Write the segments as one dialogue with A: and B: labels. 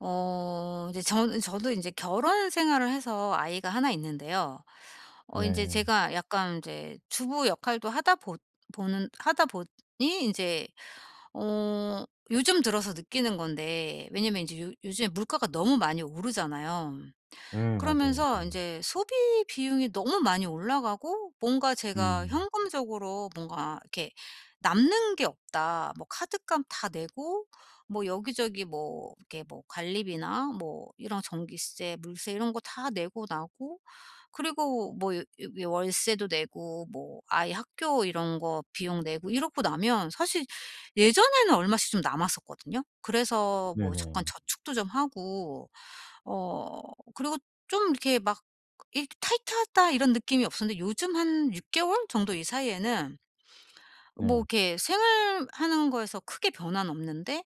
A: 어 인제 전 저도 인제 결혼생활을 해서 아이가 1 있는데요. 어 인제
B: 네.
A: 제가 약간 인제 주부 역할도 하다 보 보는 하다 보니 인제 어 요즘 들어서 느끼는 건데 왜냐하면 인제 요 요즘에 물가가 너무 많이 오르잖아요.
B: 예 맞아요.
A: 그러면서
B: 음.
A: 인제 소비 비용이 너무 많이 올라가고 뭔가 제가
B: 음.
A: 현금적으로 '뭔가 이렇게 남는 게 없다.' 뭐 카드값 다 내고 뭐 여기저기 뭐 이렇게 뭐 관리비나 뭐 이런 전기세 물세 이런 거 다 내고 나고 그리고 뭐 여 여 워 월세도 내고 뭐 아이 학교 이런 거 비용 내고 이러고 나면 사실 예전에는 얼마씩 좀 남았었거든요. 그래서 뭐 잠깐
B: 네네.
A: 저축도 좀 하고 어 그리고 좀 이렇게 막 이렇게 '타이트하다.' 이런 느낌이 없었는데 요즘 한 6 개월 정도 이 사이에는 뭐
B: 네.
A: 이렇게 생활하는 거에서 크게 변화는 없는데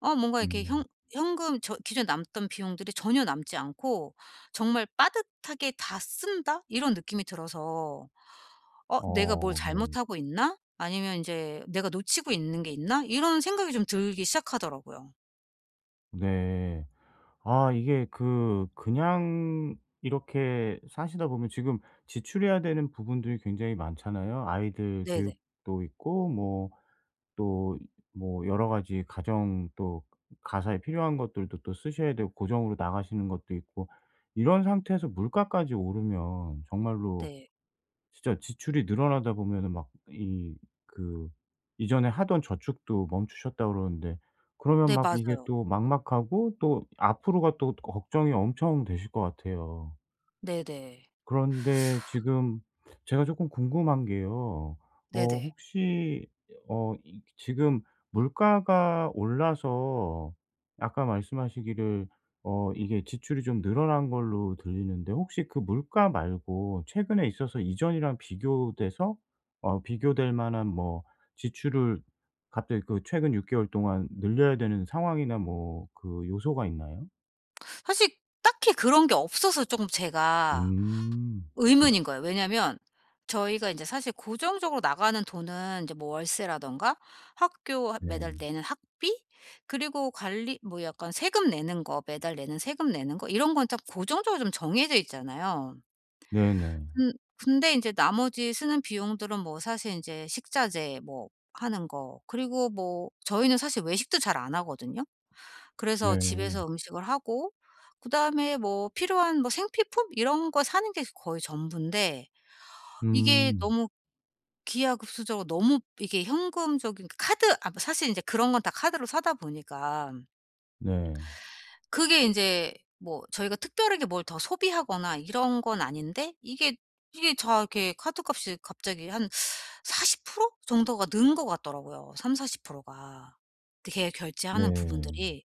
A: 어 뭔가 이렇게 현
B: 음.
A: 현금 저 기존에 남던 비용들이 전혀 남지 않고 정말 '빠듯하게 다 쓴다.' 이런 느낌이 들어서 '어 내가 뭘
B: 어 네.
A: 잘못하고 있나?' 아니면 인제 '내가 놓치고 있는 게 있나?' 이런 생각이 좀 들기 시작하더라고요.
B: 네. 아 이게 그 그냥 이렇게 사시다 보면 지금 지출해야 되는 부분들이 굉장히 많잖아요. 아이들
A: 네네.
B: 교육도 있고 뭐 또 뭐 여러 가지 가정 또 그 가사에 필요한 것들도 또 쓰셔야 되고 고정으로 나가시는 것도 있고 이런 상태에서 물가까지 오르면 정말로
A: 네.
B: 진짜 지출이 늘어나다 보면은 막 이 그 이전에 하던 저축도 멈추셨다고 그러는데 그러면
A: 네
B: 막 이게
A: 맞아요.
B: 또 막막하고 또 앞으로가 또 걱정이 엄청 되실 것 같아요.
A: 네네.
B: 그런데 지금 제가 조금 궁금한 게요. 어
A: 네네.
B: 혹시 어 이 지금 물가가 올라서 아까 말씀하시기를 어 이게 지출이 좀 늘어난 걸로 들리는데 혹시 그 물가 말고 최근에 있어서 이전이랑 비교돼서 어 비교될 만한 뭐 지출을 갑자기 그 최근 6 개월 동안 늘려야 되는 상황이나 뭐 그 요소가 있나요?
A: 사실 딱히 그런 게 없어서 쪼금 제가
B: 음 네.
A: 의문인 거예요. 왜냐면 저희가 인제 사실 고정적으로 나가는 돈은 인제 뭐 월세라든가 학교 하 매달
B: 네.
A: 내는 학비 그리고 관리 뭐 약간 세금 내는 거 매달 내는 세금 내는 거 이런 건 딱 고정적으로 좀 정해져 있잖아요.
B: 네네.
A: 근 근데 인제 나머지 쓰는 비용들은 뭐 사실 인제 식자재 뭐 하는 거 그리고 뭐 저희는 사실 외식도 잘 안 하거든요. 그래서
B: 네.
A: 집에서 음식을 하고 그다음에 뭐 필요한 뭐 생필품 이런 거 사는 게 거의 전부인데 이게
B: 음.
A: 너무 기하급수적으로 너무 이게 현금적인 카드 아 뭐 사실 이제 그런 건 다 카드로 사다 보니까
B: 네.
A: 그게 인제 뭐 저희가 특별하게 뭘 더 소비하거나 이런 건 아닌데 이게, 이게 다 이렇게 카드값이 갑자기 한 40% 정도가 는 것 같더라고요 30-40% 가 대개 결제하는
B: 네.
A: 부분들이.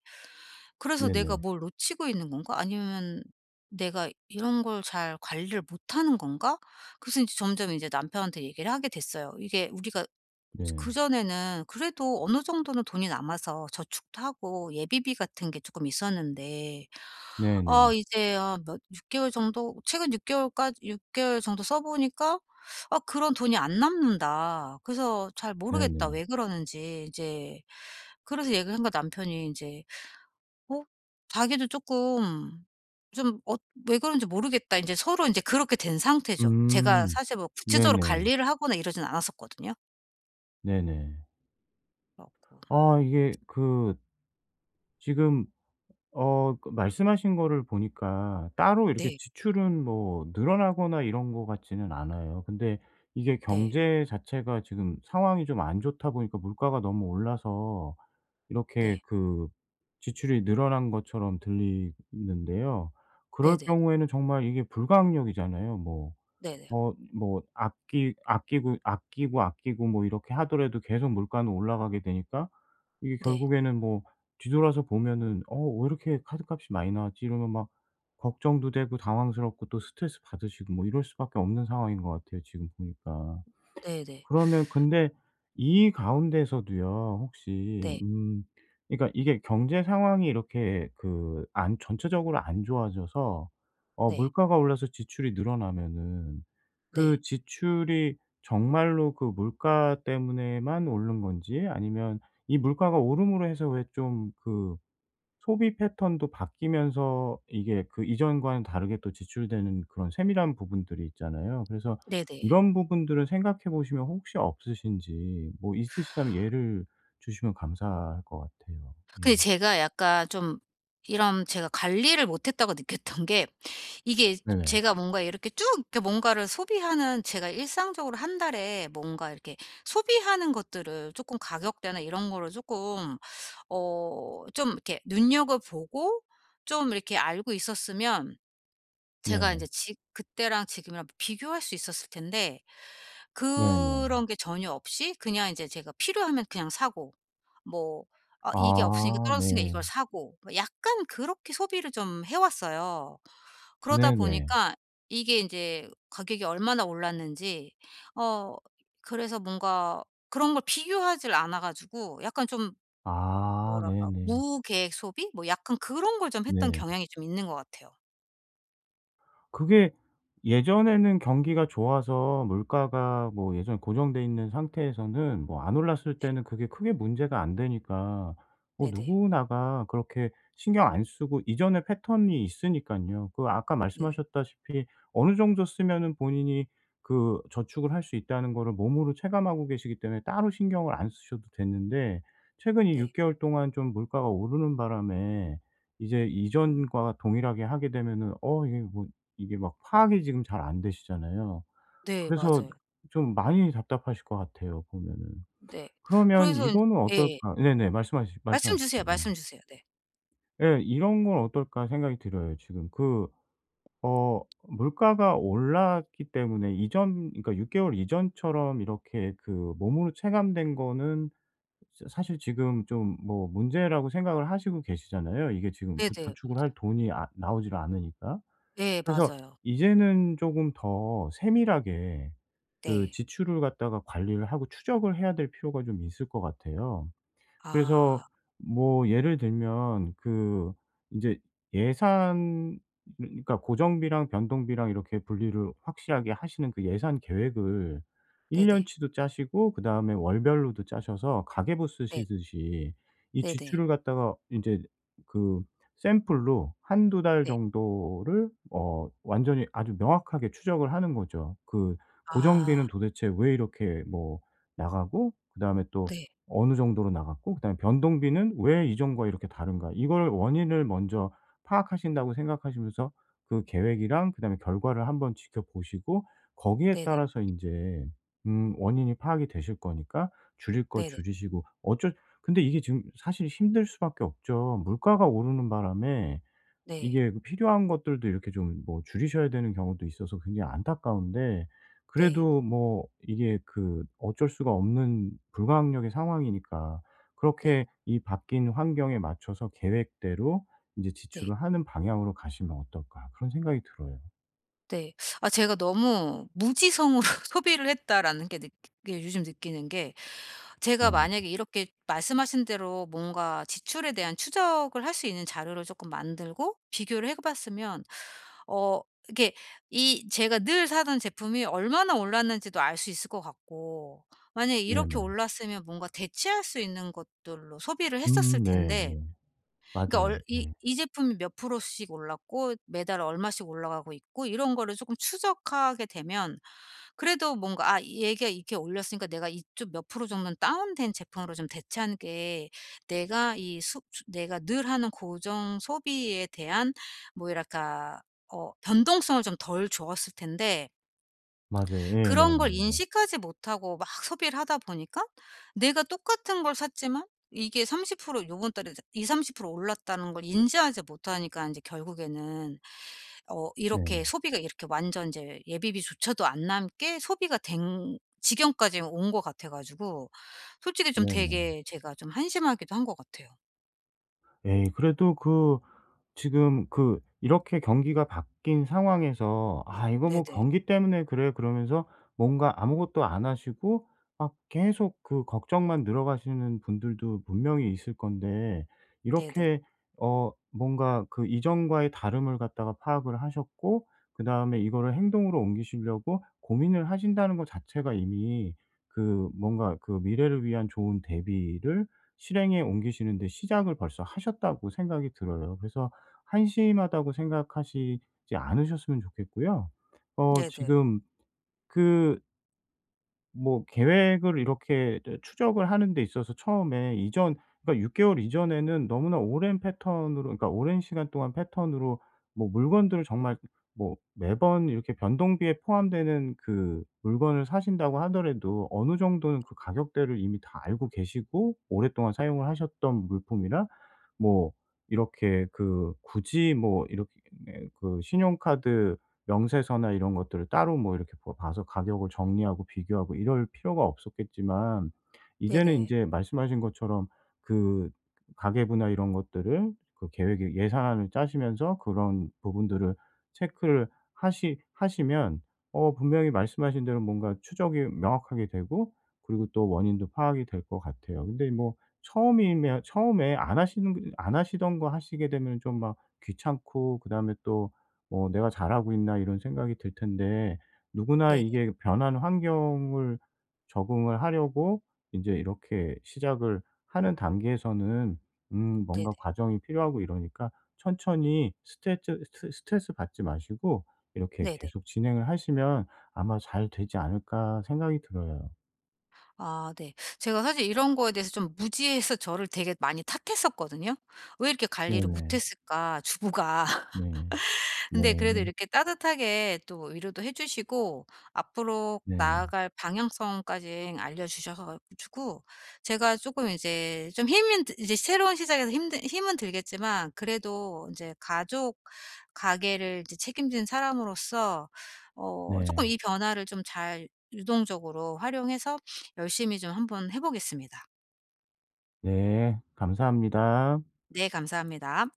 A: 그래서 '내가
B: 네네.
A: 뭘 놓치고 있는 건가?' 아니면 '내가 이런 걸 잘 관리를 못하는 건가?' 그래서 인제 점점 인제 남편한테 얘기를 하게 됐어요. 이게 우리가 저
B: 네.
A: 그전에는 그래도 어느 정도는 돈이 남아서 저축도 하고 예비비 같은 게 쪼끔 있었는데
B: 네네.
A: 어 이제 어 뭐 6 개월 정도 최근 6 개월까지 6 개월 정도 써 보니까 "아 그런 돈이 안 남는다. 그래서 잘 모르겠다
B: 네네.
A: 왜 그러는지." 이제 그래서 얘기를 하니까 남편이 인제 어 자기도 조금 좀 "엇 왜 그런지 모르겠다." 인제 서로 인제 그렇게 된 상태죠. 제가
B: 음.
A: 사실 뭐 구체적으로
B: 네네.
A: 관리를 하거나 이러진 않았었거든요.
B: 네네.
A: 그래 갖고.
B: 아 이게 그 지금 어 그 말씀하신 거를 보니까 따로 이렇게
A: 네.
B: 지출은 뭐 늘어나거나 이런 것 같지는 않아요. 근데 이게
A: 네.
B: 경제 자체가 지금 상황이 좀 안 좋다 보니까 물가가 너무 올라서 이렇게
A: 네.
B: 그 지출이 늘어난 것처럼 들리는데요. 그럴
A: 네네.
B: 경우에는 정말 이게 불가항력이잖아요. 뭐
A: 네네.
B: 어 뭐 아끼 아끼고, 아끼고, 아끼고 뭐 이렇게 하더라도 계속 물가는 올라가게 되니까 이게
A: 네.
B: 결국에는 뭐 뒤돌아서 보면은 '어 왜 이렇게 카드값이 많이 나왔지?' 이러면 막 걱정도 되고 당황스럽고 또 스트레스 받으시고 뭐 이럴 수밖에 없는 상황인 것 같아요 지금 보니까.
A: 네네.
B: 그러면 근데 이 가운데서도요 혹시
A: 네.
B: 음 그러니까 이게 경제 상황이 이렇게 그 안 전체적으로 안 좋아져서 어
A: 네.
B: 물가가 올라서 지출이 늘어나면은 그
A: 네.
B: 지출이 정말로 그 물가 때문에만 오른 건지 아니면 이 물가가 오름으로 해서 왜 좀 그 소비 패턴도 바뀌면서 이게 그 이전과는 다르게 또 지출되는 그런 세밀한 부분들이 있잖아요. 그래서
A: 네네.
B: 이런 부분들을 생각해 보시면 혹시 없으신지 뭐 있으시다면 예를 주시면 감사할 것 같아요. 예.
A: 근데 제가 약간 좀 이런 제가 관리를 못했다고 느꼈던 게 이게 저
B: 네네.
A: 제가 뭔가 이렇게 쭉 이렇게 뭔가를 소비하는 제가 일상적으로 1 달에 뭔가 이렇게 소비하는 것들을 쪼끔 가격대나 이런 거를 쪼끔 어 좀 이렇게 눈여겨보고 쫌 이렇게 알고 있었으면 제가
B: 네.
A: 인제 지 그때랑 지금이랑 비교할 수 있었을 텐데
B: 네네.
A: 그런 게 전혀 없이 그냥 인제 제가 필요하면 그냥 사고 뭐 아 이게 없으니까
B: 아
A: 떨어졌으니까
B: 네.
A: 이걸 사고 뭐 약간 그렇게 소비를 좀 해 왔어요. 그러다
B: 네 네.
A: 보니까 이게 인제 가격이 얼마나 올랐는지 어 그래서 뭔가 그런 걸 비교하질 않아 가지고 약간 좀
B: 아
A: 뭐랄까
B: 네네.
A: 무계획 소비 뭐 약간 그런 걸 좀 했던
B: 네.
A: 경향이 좀 있는 것 같아요.
B: 그게 예전에는 경기가 좋아서 물가가 뭐 예전에 고정돼 있는 상태에서는 뭐 안 올랐을
A: 네.
B: 때는 그게 크게 문제가 안 되니까 뭐
A: 네네.
B: 누구나가 그렇게 신경 안 쓰고 이전의 패턴이 있으니깐요. 그 아까
A: 네네.
B: 말씀하셨다시피 어느 정도 쓰면은 본인이 그 저축을 할 수 있다는 거를 몸으로 체감하고 계시기 때문에 따로 신경을 안 쓰셔도 됐는데 최근 이 6
A: 네.
B: 개월 동안 좀 물가가 오르는 바람에 이제 이전과 동일하게 하게 되면은 '어 이게 뭐' 이게 막 파악이 지금 잘 안 되시잖아요.
A: 네
B: 그래서
A: 맞아요.
B: 좀 많이 답답하실 것 같아요 보면은.
A: 네.
B: 그러면
A: 그래서 인
B: 이거는
A: 예예.
B: 어떨까 네네. 말씀하시
A: 말씀 주세요,
B: 말씀하십시오. 예.
A: 말씀 주세요. 네.
B: 예. 이런 건 어떨까 생각이 들어요. 지금 그 어 물가가 올랐기 때문에 이전 그러니까 6 개월 이전처럼 이렇게 그 몸으로 체감된 거는 저 사실 지금 좀 뭐 문제라고 생각을 하시고 계시잖아요. 이게 지금 부
A: 네네
B: 저축을
A: 맞아요.
B: 할 돈이 아 나오지를 않으니까.
A: 예
B: 그래서
A: 맞아요.
B: 이제는 쪼금 더 세밀하게 그
A: 네.
B: 지출을 갖다가 관리를 하고 추적을 해야 될 필요가 좀 있을 것 같아요. 그래서
A: 아.
B: 뭐 예를 들면 그 인제 예산 그러니까 고정비랑 변동비랑 이렇게 분리를 확실하게 하시는 그 예산 계획을 1 년
A: 네네.
B: 치도 짜시고 그다음에 월별로도 짜셔서 가계부
A: 네.
B: 쓰시듯이 이
A: 네네.
B: 지출을 갖다가 인제 그 샘플로 1-2 달
A: 네.
B: 정도를 어 완전히 아주 명확하게 추적을 하는 거죠. 그
A: 아.
B: 고정비는 도대체 왜 이렇게 뭐 나가고 그다음에 또
A: 네.
B: 어느 정도로 나갔고 그다음에 변동비는 왜 이전과 이렇게 다른가? 이걸 원인을 먼저 파악하신다고 생각하시면서 그 계획이랑 그다음에 결과를 한번 지켜보시고 거기에
A: 네네.
B: 따라서 인제 음 원인이 파악이 되실 거니까 줄일 거
A: 네네.
B: 줄이시고 어쩔 근데 이게 지금 사실 힘들 수밖에 없죠. 물가가 오르는 바람에
A: 네.
B: 이게 그 필요한 것들도 이렇게 좀 뭐 줄이셔야 되는 경우도 있어서 굉장히 안타까운데
A: 네.
B: 그래도 뭐 이게 그 어쩔 수가 없는 불가항력의 상황이니까
A: 네.
B: 그렇게 '이 바뀐 환경에 맞춰서 계획대로 인제
A: 네.
B: 지출을 하는 방향으로 가시면 어떨까?' 그런 생각이 들어요.
A: 네. 아 제가 너무 '무지성으로 소비를 했다' 라는 게 느끼 그러니까 요즘 느끼는 게 제가
B: 네.
A: 만약에 이렇게 말씀하신 대로 뭔가 지출에 대한 추적을 할 수 있는 자료를 쪼끔 만들고 비교를 해 봤으면 어 이렇게 이 제가 늘 사던 제품이 얼마나 올랐는지도 알 수 있을 것 같고 만약 이렇게
B: 네네.
A: 올랐으면 뭔가 대체할 수 있는 것들로 소비를 했었을
B: 음
A: 텐데
B: 네네.
A: 그러니까
B: 맞아요.
A: 얼 이
B: 예.
A: 이 제품이 몇 프로씩 올랐고 매달 얼마씩 올라가고 있고 이런 거를 쪼끔 추적하게 되면 그래도 뭔가 아 얘가 이렇게 올렸으니까 내가 이쪽 몇 프로 정도는 다운된 제품으로 좀 대체하는 게 내가 이 수 수 내가 늘 하는 고정 소비에 대한 뭐 이랄까 어 변동성을 좀 덜 줬을 텐데
B: 맞아요.
A: 그런 걸
B: 예네네네.
A: 인식하지 못하고 막 소비를 하다 보니까 내가 똑같은 걸 샀지만 이게 30% 요번 달에 20-30% 올랐다는 걸 인지하지 못하니까 인제 결국에는. 어 이렇게
B: 네.
A: 소비가 이렇게 완전 인제 예비비조차도 안 남게 소비가 된 지경까지 온 것 같아 가지고 솔직히 좀
B: 네네.
A: 되게 제가 좀 한심하기도 한 것 같아요.
B: 에이 그래도 그 지금 그 이렇게 경기가 바뀐 상황에서 '아 이거 뭐
A: 네네.
B: 경기 때문에 그래.' 그러면서 뭔가 아무것도 안 하시고 막 계속 그 걱정만 늘어가시는 분들도 분명히 있을 건데
A: 네네.
B: 이렇게 어 뭔가 '그 이전과의 다름을 갖다가 파악을 하셨고 그다음에 이거를 행동으로 옮기시려고 고민을 하신다는 거 자체가 이미 그 뭔가 그 미래를 위한 좋은 대비를 실행에 옮기시는데 시작을 벌써 하셨다.'고 생각이 들어요. 그래서 한심하다고 생각하시지 않으셨으면 좋겠고요. 어
A: 네네.
B: 지금 그 뭐 계획을 이렇게 저 추적을 하는 데 있어서 처음에 이전 그러니까 6 개월 이전에는 너무나 오랜 패턴으로 그러니까 오랜 시간 동안 패턴으로 뭐 물건들을 정말 뭐 매번 이렇게 변동비에 포함되는 그 물건을 사신다고 하더라도 어느 정도는 그 가격대를 이미 다 알고 계시고 오랫동안 사용을 하셨던 물품이나 뭐 이렇게 그 굳이 뭐 이렇게 그 신용카드 명세서나 이런 것들을 따로 뭐 이렇게 봐 봐서 가격을 정리하고 비교하고 이럴 필요가 없었겠지만 이제는
A: 네네.
B: 인제 말씀하신 것처럼 그 가계부나 이런 것들을 그 계획에 예산안을 짜시면서 그런 부분들을 체크를 하시 하시면 어 분명히 말씀하신 대로 뭔가 추적이 명확하게 되고 그리고 또 원인도 파악이 될 것 같아요. 근데 뭐 처음이면 처음에 안 하시는 안 하시던 거 하시게 되면은 좀 막 귀찮고 그다음에 또 뭐 '내가 잘하고 있나?' 이런 생각이 들 텐데 누구나
A: 네네.
B: 이게 변한 환경을 적응을 하려고 인제 이렇게 시작을 하는 단계에서는 음
A: 네네.
B: 뭔가 과정이 필요하고 이러니까 '천천히 스트레트 스트 스트레스받지 마시고 이렇게
A: 네네.
B: 계속 진행을 하시면 아마 잘되지 않을까?' 생각이 들어요.
A: 아 네. 제가 사실 이런 거에 대해서 좀 무지해서 저를 되게 많이 탓했었거든요. 왜 이렇게 관리를 못
B: 네네.
A: 했을까, 주부가.
B: 네.
A: 근데 그래도
B: 네네.
A: 이렇게 따뜻하게 또 위로도 해 주시고 앞으로
B: 네.
A: 나아갈 방향성까지 알려 주셔서 가지고 제가 쪼끔 이제 좀 힘은 드 이제 새로운 시작에서 힘든 힘은 들겠지만 그래도 인제 가족 가계를 이제 책임진 사람으로서 어 쪼끔
B: 네.
A: 이 변화를 좀 잘 유동적으로 활용해서 열심히 좀 한번 해 보겠습니다.
B: 네. 감사합니다.
A: 네 감사합니다.